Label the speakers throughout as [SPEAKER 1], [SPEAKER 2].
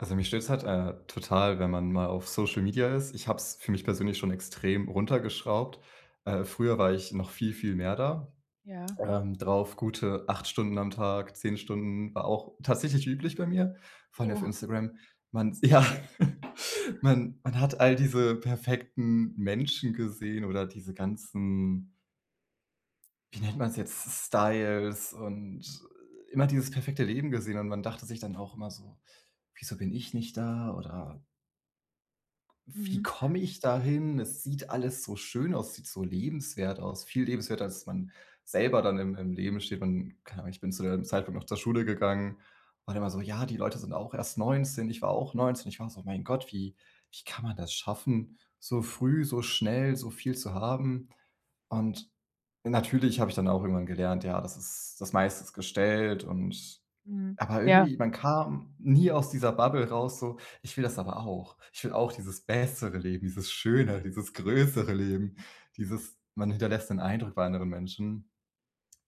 [SPEAKER 1] Also, mich stört es halt, äh, total, wenn man mal auf Social Media ist, ich habe es für mich persönlich schon extrem runtergeschraubt. Äh, früher war ich noch viel, viel mehr da,
[SPEAKER 2] Ja.
[SPEAKER 1] ähm, drauf. Gute 8 Stunden am Tag. 10 Stunden war auch tatsächlich üblich bei mir, vor allem auf
[SPEAKER 2] Oh.
[SPEAKER 1] Instagram. Man ja. Man man hat all diese perfekten Menschen gesehen oder diese ganzen wie nennt man es jetzt: Styles und immer dieses perfekte Leben gesehen. Und man dachte sich dann auch immer so: „Wieso bin ich nicht da?“ Oder „Wie
[SPEAKER 2] Mhm.
[SPEAKER 1] komme ich dahin? Es sieht alles so schön aus. Es sieht so lebenswert aus.“ Viel lebenswerter, als man selber dann im im Leben steht. Und keine Ahnung, ich bin zu dem Zeitpunkt noch zur Schule gegangen. War dann immer so: „Ja, die Leute sind auch erst 19.“ Ich war auch 19. Ich war so: „Mein Gott, wie wie kann man das schaffen, so früh, so schnell, so viel zu haben.“ Und natürlich habe ich dann auch irgendwann gelernt, ja, das ist das meiste ist gestellt und
[SPEAKER 2] Mhm.
[SPEAKER 1] aber
[SPEAKER 2] Ja.
[SPEAKER 1] irgendwie, man kam nie aus dieser Bubble raus, so: „Ich will das aber auch. Ich will auch dieses bessere Leben, dieses Schönere, dieses größere Leben.“ Dieses: Man hinterlässt den Eindruck bei anderen Menschen.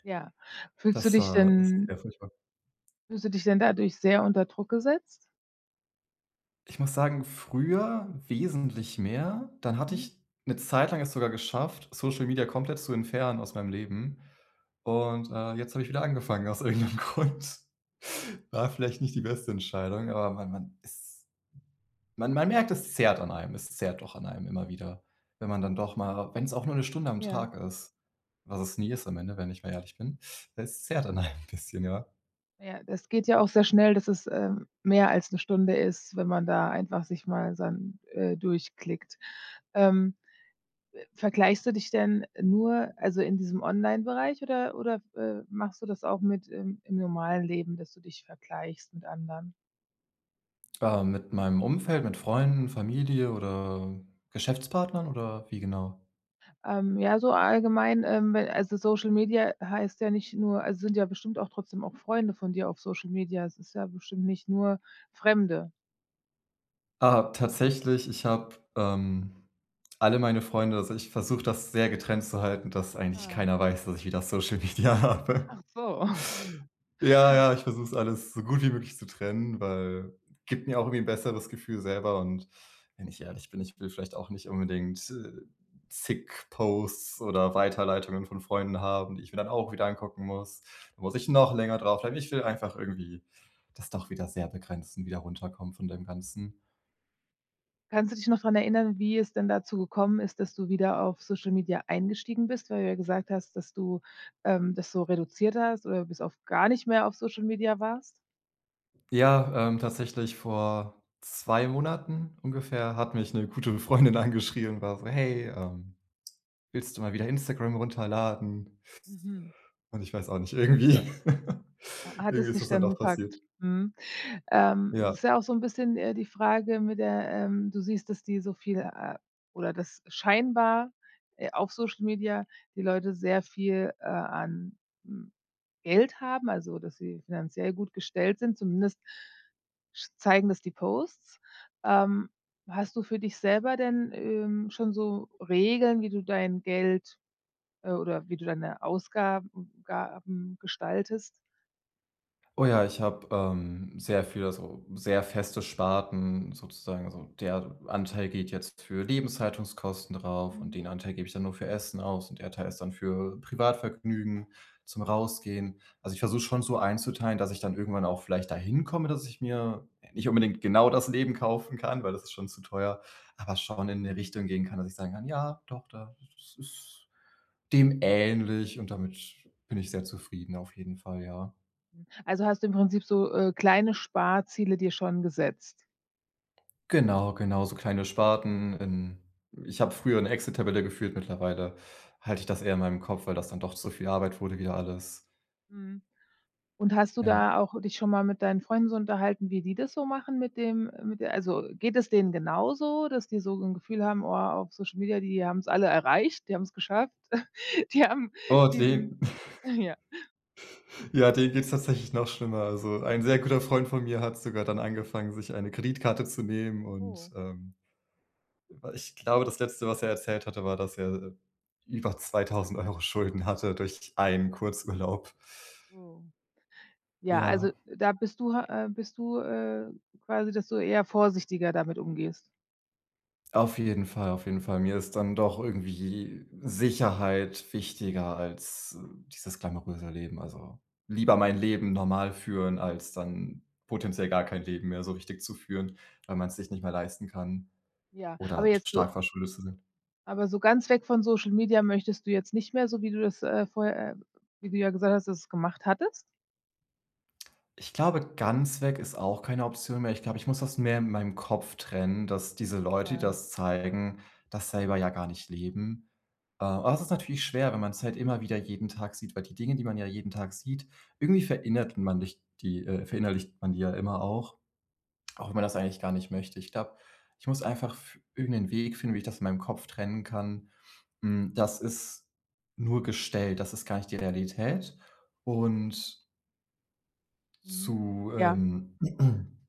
[SPEAKER 2] Ja. Fühlst du
[SPEAKER 1] Das,
[SPEAKER 2] dich
[SPEAKER 1] äh, ist sehr
[SPEAKER 2] denn
[SPEAKER 1] furchtbar.
[SPEAKER 2] Fühlst du dich denn dadurch sehr unter Druck gesetzt?
[SPEAKER 1] Ich muss sagen, früher wesentlich mehr, dann hatte
[SPEAKER 2] Mhm.
[SPEAKER 1] ich 'ne Zeit lang es sogar geschafft, Social Media komplett zu entfernen aus meinem Leben. Und, äh, jetzt habe ich wieder angefangen aus irgend 'nem Grund. War vielleicht nicht die beste Entscheidung, aber man man ist ...man man merkt, es zerrt an einem. Es zerrt doch an einem immer wieder, wenn man dann doch mal wenn es auch nur 'ne Stunde am
[SPEAKER 2] Ja.
[SPEAKER 1] Tag ist, was es nie ist am Ende, wenn ich mal ehrlich bin, es zerrt an einem 'n bisschen, ja.
[SPEAKER 2] Ja, das geht ja auch sehr schnell, dass es, ähm, mehr als 'ne Stunde ist, wenn man da einfach sich mal dann, äh, durchklickt. Ähm, äh, vergleichst du dich denn nur, also in diesem Online-Bereich oder oder, äh, machst du das auch mit im im normalen Leben, dass du dich vergleichst mit anderen?
[SPEAKER 1] Ähm, mit meinem Umfeld, mit Freunden, Familie oder Geschäftspartnern oder wie genau?
[SPEAKER 2] Ähm, ja, so allgemein, ähm, we also, Social Media heißt ja nicht nur also, sind ja bestimmt auch trotzdem auch Freunde von dir auf Social Media, es ist ja bestimmt nicht nur Fremde.
[SPEAKER 1] Aha, tatsächlich, ich habe, ähm, alle meine Freunde also, ich versuche, das sehr getrennt zu halten, dass eigentlich
[SPEAKER 2] Ah.
[SPEAKER 1] keiner weiß, dass ich wieder Social Media
[SPEAKER 2] Ach
[SPEAKER 1] habe.
[SPEAKER 2] so.
[SPEAKER 1] Ja, ja, ich versuche es alles so gut wie möglich zu trennen, weil, gibt mir auch irgendwie ‘n besseres Gefühl selber und wenn ich ehrlich bin, ich will vielleicht auch nicht unbedingt, äh, zig Posts oder Weiterleitungen von Freunden haben, die ich mir dann auch wieder angucken muss, muss ich noch länger drauf bleiben, ich will einfach irgendwie das doch wieder sehr begrenzen, wieder runterkommen von dem Ganzen.
[SPEAKER 2] Kannst du dich noch daran erinnern, wie es denn dazu gekommen ist, dass du wieder auf Social Media eingestiegen bist? Weil du ja gesagt hast, dass du, ähm, das so reduziert hast oder bis auf gar nicht mehr auf Social Media warst?
[SPEAKER 1] Ja, ähm, tatsächlich vor 2 Monaten ungefähr hat mich 'ne gute Freundin angeschrieben, war so: „Hey, ähm, willst du mal wieder Instagram runterladen?“
[SPEAKER 2] Mhm.
[SPEAKER 1] Und, ich weiß auch nicht, irgendwie
[SPEAKER 2] Ah, hat
[SPEAKER 1] irgendwie
[SPEAKER 2] es
[SPEAKER 1] ist
[SPEAKER 2] dich
[SPEAKER 1] es dann
[SPEAKER 2] dann
[SPEAKER 1] doch passiert.
[SPEAKER 2] gepackt? Mhm. Ähm, es
[SPEAKER 1] Ja.
[SPEAKER 2] ist ja auch so ‘n bisschen, äh, die Frage mit der, ähm du siehst, dass die so viele, äh oder das scheinbar, äh, auf Social Media die Leute sehr viel, äh, an, hm, Geld haben, also dass sie finanziell gut gestellt sind, zumindest zeigen das die Posts. Ähm, hast du für dich selber denn, ähm, schon so Regeln, wie du dein Geld, äh oder wie du deine Ausgaben Gaben gestaltest?
[SPEAKER 1] Oh ja, ich habe, ähm, sehr viel also, sehr feste Sparten sozusagen. Also, der Anteil geht jetzt für Lebenshaltungskosten drauf und
[SPEAKER 2] Mhm.
[SPEAKER 1] den Anteil gebe ich dann nur für Essen aus. Und der Teil ist dann für Privatvergnügen, zum Rausgehen. Also, ich versuche schon, so einzuteilen, dass ich dann irgendwann auch vielleicht dahin komme, dass ich mir nicht unbedingt genau das Leben kaufen kann, weil das ist schon zu teuer, aber schon in 'ne
[SPEAKER 2] Mhm.
[SPEAKER 1] Richtung gehen kann, dass ich sagen kann: „Ja, doch da es ist dem ähnlich, und damit bin ich sehr zufrieden.“ Auf jeden Fall, ja.
[SPEAKER 2] Hm, also, hast du im Prinzip so, äh, kleine Sparziele dir schon gesetzt?
[SPEAKER 1] Genau, genau, so kleine Sparten, in ich habe früher 'ne Excel-Tabelle geführt, mittlerweile halte ich das eher in meinem Kopf, weil das dann doch zu viel Arbeit wurde wieder alles.
[SPEAKER 2] Mhm. Und hast du
[SPEAKER 1] Ja.
[SPEAKER 2] da auch dich schon mal mit deinen Freunden so unterhalten, wie die das so machen mit dem mit d also, geht es denen genauso, dass die so 'n Gefühl haben: „Oh, auf Social Media, die haben es alle erreicht, die haben es geschafft. Die haben
[SPEAKER 1] Oh
[SPEAKER 2] die sind
[SPEAKER 1] [unintelligible]
[SPEAKER 2] ja.
[SPEAKER 1] Ja, denen geht's tatsächlich noch schlimmer. Also, ein sehr guter Freund von mir hat sogar dann angefangen, sich eine Kreditkarte zu nehmen. Und,
[SPEAKER 2] Oh.
[SPEAKER 1] ähm, w ich glaube, das Letzte, was er erzählt hatte, war, dass er über 2000 € Schulden hatte durch einen Kurzurlaub.
[SPEAKER 2] Oh. Ja, also,
[SPEAKER 1] Ja.
[SPEAKER 2] da bist du, äh bist du, äh quasi, dass du eher vorsichtiger damit umgehst.
[SPEAKER 1] Auf jeden Fall, auf jeden Fall. Mir ist dann doch irgendwie Sicherheit wichtiger als, äh, dieses glamouröse Leben. Also, lieber mein Leben normal führen, als dann potenziell gar kein Leben mehr so richtig zu führen, weil man's sich nicht mehr leisten kann
[SPEAKER 2] Ja, aber
[SPEAKER 1] oder sch
[SPEAKER 2] jetzt so
[SPEAKER 1] stark verschuldet zu sein.
[SPEAKER 2] aber so ganz weg von Social Media möchtest du jetzt nicht mehr, so wie du das, äh, vorher, äh wie du ja gesagt hast, dass du es gemacht hattest?
[SPEAKER 1] Ich glaube, ganz weg ist auch keine Option mehr. Ich glaube, ich muss das mehr in meinem Kopf trennen, dass diese Leute, die
[SPEAKER 2] Ja.
[SPEAKER 1] das zeigen, das selber ja gar nicht leben. Äh, aber das ist natürlich schwer, wenn man's halt immer wieder jeden Tag sieht, weil die Dinge, die man ja jeden Tag sieht, irgendwie verinnert man nicht die, äh verinnerlicht man die ja immer auch, auch wenn man das eigentlich gar nicht möchte. Ich glaube, ich muss einfach f irgendeinen Weg finden, wie ich das in meinem Kopf trennen kann, hm: „Das ist nur gestellt, das ist gar nicht die Realität und"
[SPEAKER 2] Mhm.
[SPEAKER 1] „zu,
[SPEAKER 2] Ja.
[SPEAKER 1] ähm"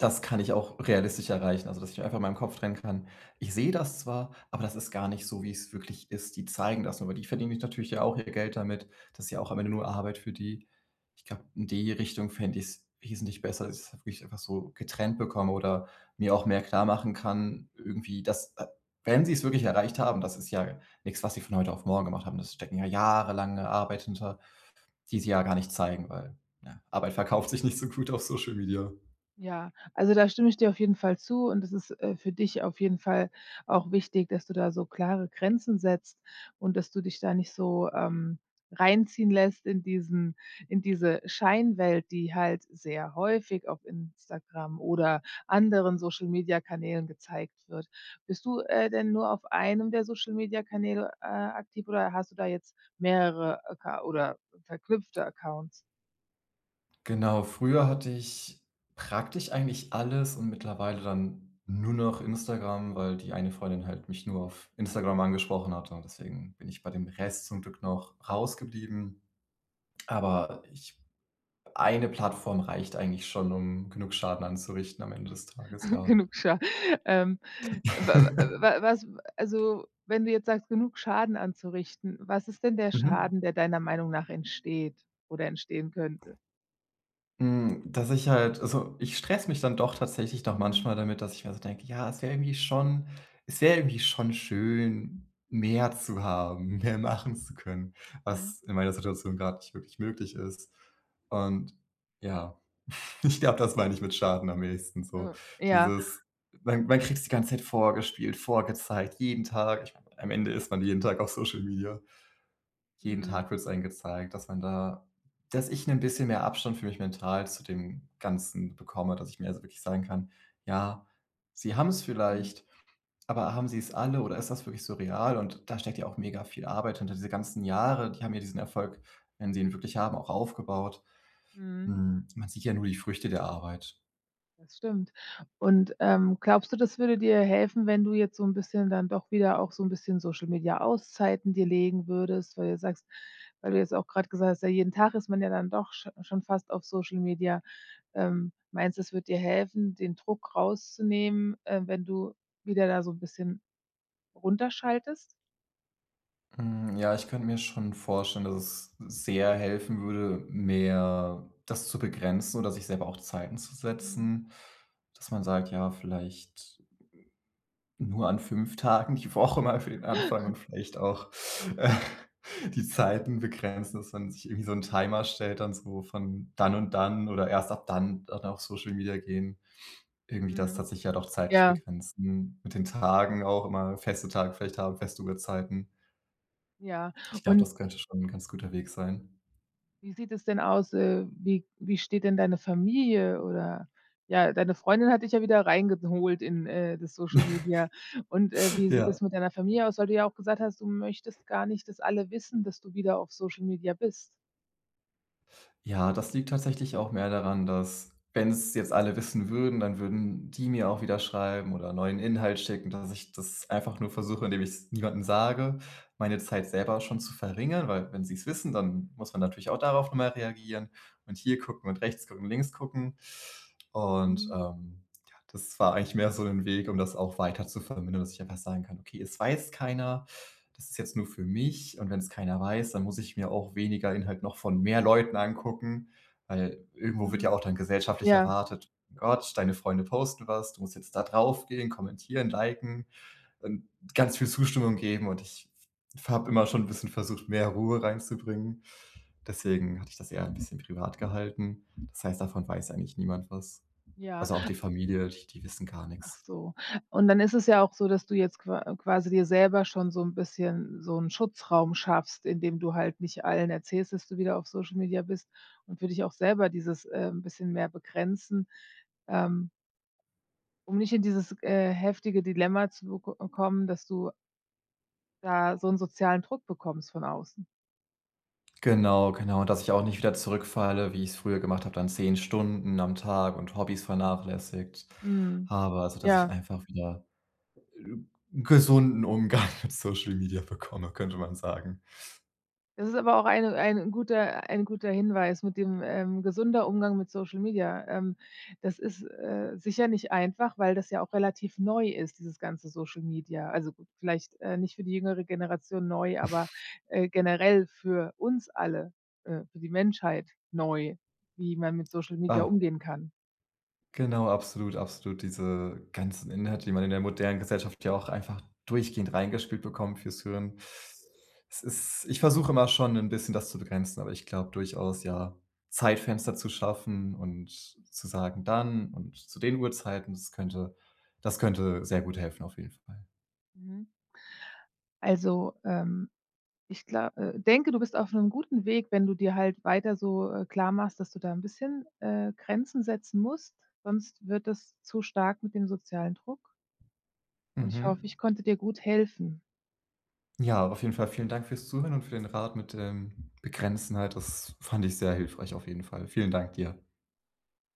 [SPEAKER 1] „das kann ich auch realistisch erreichen.“ Also, dass ich einfach in meinem Kopf trennen kann: „Ich sehe das zwar, aber das ist gar nicht so, wie es wirklich ist. Die zeigen das nur“, aber die verdienen sich natürlich ja auch ihr Geld damit, das ist ja auch am Ende nur Arbeit für die. Ich glaube, in die Richtung fände ich s wesentlich besser, als ob ich's einfach so getrennt bekomme oder mir auch mehr klarmachen kann, irgendwie, dass, äh, wenn sie's wirklich erreicht haben, das ist ja nix, was sie von heute auf morgen gemacht haben. Es stecken ja jahrelange Arbeit hinter, die sie ja gar nicht zeigen, weil, ja, Arbeit verkauft sich nicht so gut auf Social Media.
[SPEAKER 2] Ja. Also, da stimme ich dir auf jeden Fall zu und das ist, äh, für dich auf jeden Fall auch wichtig, dass du da so klare Grenzen setzt und dass du dich da nicht so, ähm, reinziehen lässt in diesen in diese Scheinwelt, die halt sehr häufig auf Instagram oder anderen Social-Media-Kanälen gezeigt wird. Bist du, äh, denn nur auf einem der Social-Media-Kanäle, äh, aktiv oder hast du da jetzt mehrere Acca oder verknüpfte Accounts?
[SPEAKER 1] Genau. Früher hatte ich praktisch eigentlich alles und mittlerweile dann nur noch Instagram, weil die eine Freundin halt mich nur auf Instagram angesprochen hatte. Und deswegen bin ich bei dem Rest zum Glück noch rausgeblieben. Aber ich 1 Plattform reicht eigentlich schon, um genug Schaden anzurichten am Ende des Tages, ja.
[SPEAKER 2] Genug Scha ähm, wa a wa was a also, wenn du jetzt sagst, genug Schaden anzurichten, was ist denn der
[SPEAKER 1] Mhm.
[SPEAKER 2] Schaden, der deiner Meinung nach entsteht, oder entstehen könnte?
[SPEAKER 1] Hm, dass ich halt also, ich stresse mich dann doch tatsächlich noch
[SPEAKER 2] Mhm.
[SPEAKER 1] manchmal damit, dass ich mir so denke: „Ja, es wäre irgendwie schon es wäre irgendwie schon schön, mehr zu haben, mehr machen zu können,
[SPEAKER 2] Mhm.
[SPEAKER 1] was in meiner Situation gerade nicht wirklich möglich ist.“ Und ja, ich glaube, das meine ich mit Schaden am ehesten so.
[SPEAKER 2] Ja.
[SPEAKER 1] Dieses man man kriegt's die ganze Zeit vorgespielt, vorgezeigt, jeden Tag, ich meine, am Ende ist man jeden Tag auf Social Media. Jeden
[SPEAKER 2] Mhm.
[SPEAKER 1] Tag wird es einem gezeigt, dass man da dass ich 'nen bisschen mehr Abstand für mich mental zu dem Ganzen bekomme, dass ich mir also wirklich sagen kann: „Ja, sie haben's
[SPEAKER 2] Mhm.
[SPEAKER 1] vielleicht, aber haben sie's alle, oder ist das wirklich so real?“ Und da steckt ja auch mega viel Arbeit hinter, diese ganzen Jahre. Die haben ja diesen Erfolg, wenn sie ihn wirklich haben, auch aufgebaut.
[SPEAKER 2] Mhm.
[SPEAKER 1] Hm, man sieht ja nur die Früchte der Arbeit.
[SPEAKER 2] Das stimmt. Und, ähm, glaubst du, das würde dir helfen, wenn du jetzt so 'n bisschen dann doch wieder auch so 'n bisschen Social-Media-Auszeiten dir legen würdest, weil du sagst weil du jetzt auch grad gesagt hast: „Ja, jeden Tag ist man ja dann doch sch schon fast auf Social Media.“ Ähm, meinst du, es würde dir helfen, den Druck rauszunehmen, ähm, wenn du wieder da so 'n bisschen runter schaltest?
[SPEAKER 1] Hm, ja, ich könnte mir schon vorstellen, dass es sehr helfen würde, mehr das zu begrenzen oder sich selber auch Zeiten zu
[SPEAKER 2] Mhm.
[SPEAKER 1] setzen, dass man sagt, ja, vielleicht nur an 5 Tagen die Woche mal für den Anfang und vielleicht auch, äh, die Zeiten begrenzen, dass man sich irgendwie so ‘n Timer stellt und so von dann und dann oder erst ab dann dann auf Social Media gehen. Irgendwie das
[SPEAKER 2] Mhm.
[SPEAKER 1] hat sich ja auch zeitlich
[SPEAKER 2] Ja.
[SPEAKER 1] begrenzen. Mit den Tagen auch immer, feste Tage vielleicht haben, feste Uhrzeiten.
[SPEAKER 2] Ja,
[SPEAKER 1] Ich glaube,
[SPEAKER 2] un
[SPEAKER 1] das könnte schon 'n ganz guter Weg sein.
[SPEAKER 2] Wie sieht es denn aus äh, wie wie steht denn deine Familie, oder, ja, deine Freundin hat dich ja wieder reingeholt in, äh, das Social Media und, äh, wie sieht
[SPEAKER 1] Ja.
[SPEAKER 2] das mit deiner Familie aus, weil du ja auch gesagt hast, du möchtest gar nicht, dass alle wissen, dass du wieder auf Social Media bist?
[SPEAKER 1] Ja, das liegt tatsächlich auch mehr daran, dass wenn es jetzt alle wissen würden, dann würden die mir auch wieder schreiben oder neuen Inhalt schicken, dass ich das einfach nur versuche, indem ich es niemandem sage, meine Zeit selber schon zu verringern. Weil wenn sie es wissen, dann muss man natürlich auch darauf nochmal reagieren und hier gucken und rechts gucken und links gucken. Und,
[SPEAKER 2] Mhm.
[SPEAKER 1] ähm, ja, das war eigentlich mehr so 'n Weg, um das auch weiter zu vermindern, dass ich einfach sagen kann: „Okay, es weiß keiner. Das ist jetzt nur für mich und wenn es keiner weiß, dann muss ich mir auch weniger Inhalt noch von mehr Leuten angucken.“ Weil irgendwo wird ja
[SPEAKER 2] Mhm.
[SPEAKER 1] auch dann gesellschaftlich
[SPEAKER 2] Ja.
[SPEAKER 1] erwartet. Gott, deine Freunde posten was, du musst jetzt da drauf gehen, kommentieren, liken und ganz viel Zustimmung geben und ich f habe immer schon bisschen versucht, mehr Ruhe reinzubringen.
[SPEAKER 2] Hm.
[SPEAKER 1] Deswegen hatte ich das eher ein bisschen privat gehalten. Das heißt, davon weiß eigentlich niemand was.
[SPEAKER 2] Ja.
[SPEAKER 1] Also, auch die Familie, die die wissen gar
[SPEAKER 2] Ach
[SPEAKER 1] nix.
[SPEAKER 2] so, und dann ist es ja auch so, dass du jetzt qua quasi dir selber schon so 'n bisschen so 'n Schutzraum schaffst, indem du halt nicht allen erzählst, dass du wieder auf Social Media bist und für dich auch selber dieses, ähm, bisschen mehr begrenzen, ähm Um nicht in dieses äh, heftige Dilemma zu beko kommen, dass du da so 'n sozialen Druck bekommst von außen.
[SPEAKER 1] Genau, genau, dass ich auch nicht wieder zurückfalle, wie ich's früher gemacht habe, dann 10 Stunden am Tag und Hobbys
[SPEAKER 2] Mhm.
[SPEAKER 1] vernachlässigt.
[SPEAKER 2] Mhm
[SPEAKER 1] Aber also, dass ich
[SPEAKER 2] Ja.
[SPEAKER 1] einfach wieder g gesunden Umgang mit Social Media bekomme, könnte man sagen.
[SPEAKER 2] Das ist aber auch ein ein guter ein guter Hinweis mit dem, ähm gesunder Umgang mit Social Media, ähm. Das ist, äh, sicher nicht einfach, weil das ja auch relativ neu ist, dieses ganze Social Media. Also, vielleicht, äh, nicht für die jüngere Generation neu, aber, äh, generell für uns alle, äh für die Menschheit neu, wie man mit Social Media
[SPEAKER 1] Ah.
[SPEAKER 2] umgehen kann.
[SPEAKER 1] Genau, absolut, absolut, diese ganzen Inhalte, die man in der modernen Gesellschaft ja auch einfach durchgehend reingespielt bekommt fürs Hirn. Es ist ich versuche immer schon 'n bisschen, das zu begrenzen, aber ich glaube durchaus, ja, Zeitfenster zu schaffen und zu sagen: „Dann und zu den Uhrzeiten“, das könnte das könnte sehr gut helfen, auf jeden Fall.
[SPEAKER 2] Mhm. Also, ähm, ich glau äh, denke, du bist auf 'nem guten Weg, wenn du dir halt weiter so, äh, klar machst, dass du da 'n bisschen, äh, Grenzen setzen musst, sonst wird das zu stark mit dem sozialen Druck. Und ich
[SPEAKER 1] Mhm.
[SPEAKER 2] hoffe, ich konnte dir gut helfen.
[SPEAKER 1] Ja, auf jeden Fall vielen Dank fürs Zuhören und für den Rat mit dem Begrenzen halt. Das fand ich sehr hilfreich auf jeden Fall. Vielen Dank dir.